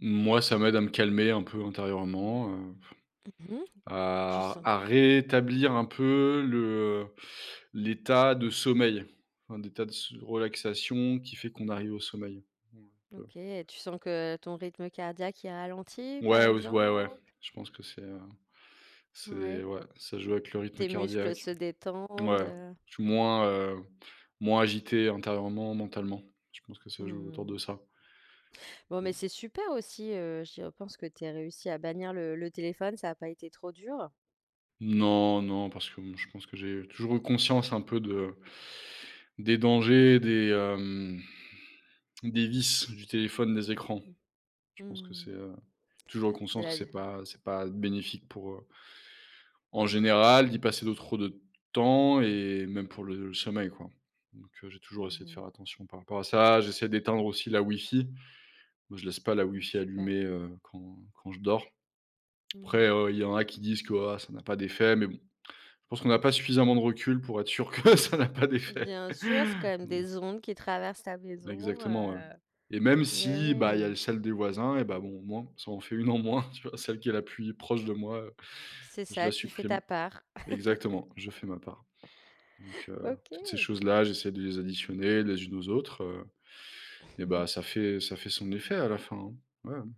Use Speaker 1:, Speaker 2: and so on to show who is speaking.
Speaker 1: Moi, ça m'aide à me calmer un peu intérieurement, heu,
Speaker 2: Mmh mh. Tu
Speaker 1: à
Speaker 2: sens
Speaker 1: à réétablir un peu le, heu, l'état de sommeil, enfin, d'état de s de relaxation qui fait qu'on arrive au sommeil, un peu.
Speaker 2: OK, et tu sens que ton rythme cardiaque il ralentit, par
Speaker 1: Ouais, aus ouais, ouais,
Speaker 2: exemple?
Speaker 1: je pense que c'est, heu,
Speaker 2: Ouais.
Speaker 1: c'est ouais, ça joue avec le rythme
Speaker 2: Tes muscles
Speaker 1: cardiaque.
Speaker 2: se détendent,
Speaker 1: Ouais,
Speaker 2: heu?
Speaker 1: je suis moins, heu, moins agité intérieurement, mentalement, je pense que ça
Speaker 2: Mmh
Speaker 1: joue autour
Speaker 2: mh.
Speaker 1: de ça
Speaker 2: Bon, mais
Speaker 1: mmh.
Speaker 2: c'est super aussi, heu, j'y repense, que tu aies réussi à bannir le le téléphone, ça a pas été trop dur?
Speaker 1: Non non, parce que, mmh, je pense que j'ai toujours eu conscience un peu de des dangers des, hem, des vices du téléphone, des écrans.
Speaker 2: Mmh
Speaker 1: Je
Speaker 2: mh,
Speaker 1: pense que c'est,
Speaker 2: mmh.
Speaker 1: heu, toujours eu
Speaker 2: De
Speaker 1: conscience que
Speaker 2: l'aide?
Speaker 1: c'est pas c'est pas bénéfique pour, heu, en général, d'y passer de trop de temps et même pour le le sommeil, quoi, donc j'ai toujours
Speaker 2: Mmh
Speaker 1: essayé de faire
Speaker 2: mh.
Speaker 1: attention par rapport à ça. J'essaie d'éteindre aussi la wifi, moi, je laisse pas la
Speaker 2: Ouais,
Speaker 1: wifi
Speaker 2: super.
Speaker 1: allumée, heu, quand quand je dors, après,
Speaker 2: Mmh.
Speaker 1: heu, il y en a qui disent que: «Ah! Ça n'a pas d'effet!» mais bon, je pense qu'on n'a pas suffisamment de recul pour être sûr que ça n'a pas d'effet!
Speaker 2: Bien sûr, c'est quand même des ondes qui traversent ta maison,
Speaker 1: Exactement, ouais
Speaker 2: heu,
Speaker 1: et même
Speaker 2: ouais,
Speaker 1: si, bah, il y
Speaker 2: ouais.
Speaker 1: a celle des voisins et ben, bon, au moins ça en fait 1 en moins, tu vois, celle qui est la puis proche de moi, heu,
Speaker 2: C'est
Speaker 1: je la
Speaker 2: ça, tu fais
Speaker 1: supprime.
Speaker 2: ta part.
Speaker 1: Exactement, je fais ma part, donc heu, toutes ces
Speaker 2: OK.
Speaker 1: choses-là, j'essaie de les additionner les unes aux autres, heu et
Speaker 2: Mmh
Speaker 1: bah
Speaker 2: mh.
Speaker 1: ça fait ça fait son effet à la fin, hein? Ouais, ouais.